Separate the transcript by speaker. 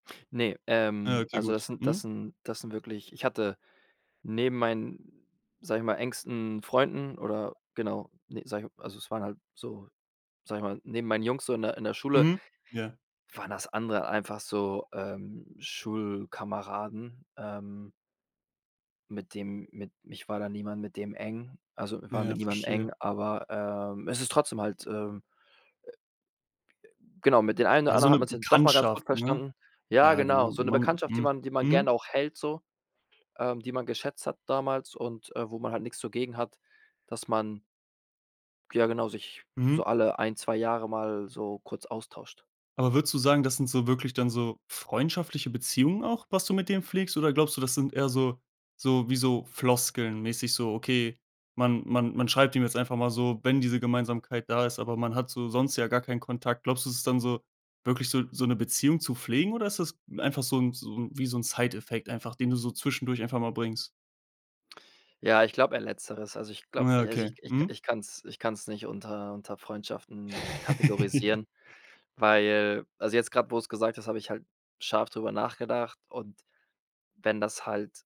Speaker 1: Ne,
Speaker 2: Ah,
Speaker 1: ähm,
Speaker 2: okay,
Speaker 1: also
Speaker 2: gut.
Speaker 1: das sind das
Speaker 2: Mhm.
Speaker 1: sind das sind wirklich ich hatte neben meinen, sage ich mal, engsten Freunden oder genau, ne, sage ich also es waren halt so, sage ich mal, neben meinen Jungs so in der in der Schule
Speaker 2: Mhm. Ja.
Speaker 1: waren das andere einfach so, ähm, Schulkameraden, ähm mit dem mit ich war da niemand mit dem eng. Also, war
Speaker 2: Ja,
Speaker 1: mit niemandem
Speaker 2: verstehe.
Speaker 1: eng, aber, ähm, es ist trotzdem halt, ähm, äh, äh, genau, mit den einen oder
Speaker 2: Ja, so
Speaker 1: anderen hat
Speaker 2: 'ne
Speaker 1: man sich dann doch mal ganz gut
Speaker 2: Bekanntschaft, ne?
Speaker 1: verstanden. Ja,
Speaker 2: Ja,
Speaker 1: genau,
Speaker 2: genau.
Speaker 1: so 'ne
Speaker 2: Man,
Speaker 1: Bekanntschaft, die
Speaker 2: hm
Speaker 1: man die man gern
Speaker 2: Mhm.
Speaker 1: auch hält, so, ähm, die man geschätzt hat damals und, äh, wo man halt nix so gegen hat, dass man ja, genau, sich
Speaker 2: Mhm.
Speaker 1: so alle 1, 2 Jahre mal so kurz austauscht.
Speaker 2: Aber würdest du sagen, das sind so wirklich dann so freundschaftliche Beziehungen auch, was du mit denen pflegst? Oder glaubst du, das sind eher so so wie so Floskeln mäßig so, okay, man man man schreibt ihm jetzt einfach mal so, wenn diese Gemeinsamkeit da ist, aber man hat so sonst ja gar keinen Kontakt. Glaubst du, es ist dann so wirklich so so 'ne Beziehung zu pflegen, oder ist das einfach so 'n so 'n wie so 'n Side Effect einfach, den du so zwischendurch einfach mal bringst?
Speaker 1: Ja, ich glaube, eher Letzteres. Also ich glaube
Speaker 2: Ja,
Speaker 1: also
Speaker 2: okay.
Speaker 1: ich ich
Speaker 2: Mhm.
Speaker 1: ich kann's ich kann's nicht unter unter Freundschaften
Speaker 2: Ja.
Speaker 1: kategorisieren, weil also, jetzt grad, wo du's gesagt hast, hab ich halt scharf drüber nachgedacht. Und wenn das halt